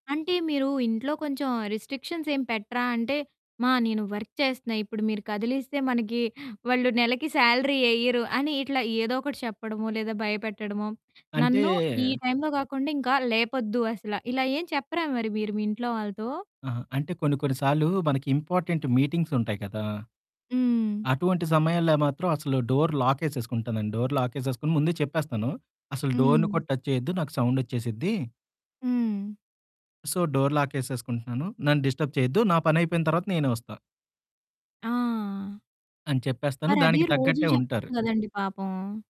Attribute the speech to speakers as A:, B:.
A: అంటే, మీరు ఇంట్లో కొంచెం రిస్ట్రిక్షన్స్ ఏం పెట్టరా? అంటే, మా నేను వర్క్ చేస్తన్నా ఇప్పుడు మీరు కదిలిస్తే, మనకి వాళ్ళు నెలకి సాలరీ యెయ్యరు అని, ఇట్లా ఏదో ఒకటి చెప్పడమో, లేదా భయపెట్టడమో,
B: అంటే
A: నన్ను ఈ టైంలో కాకుండా, ఇంకా లేపొద్దు అసల. ఇలా ఏం చెప్పరా మరి మీరు మీ ఇంట్లో వాళ్ళతో?
B: అహా! అంటే కొన్ని, కొన్ని సార్లు మనకి ఇంపార్టెంట్ మీటింగ్సుంటాయి కదా!
A: హ్మ్.
B: అటువంటి సమయాల్లో మాత్రం అసలు డోర్ లాకేసేసుకుంటాను. డోర్ లాకేసేసుకొని ముందే చెప్పేస్తాను. అసలు డోర్‌ని
A: హ్మ్.
B: కూడా టచ్ చేయొద్దు, నాకు సౌండ్ వచ్చేసిద్ది.
A: హ్మ్.
B: సో, డోర్ లాకేసేసుకుంటున్నాను. నన్ను డిస్టర్బ్ చేయొద్దు, నా పని అయిపోయిన తరువాత నేనే వొస్తా.
A: ఆ!
B: అని చెప్పేస్తాను.
A: మరదే
B: దానికి
A: రోజు
B: తగ్గట్టే
A: చెప్పొచ్చు
B: ఉంటారు.
A: గదండీ! పాపం.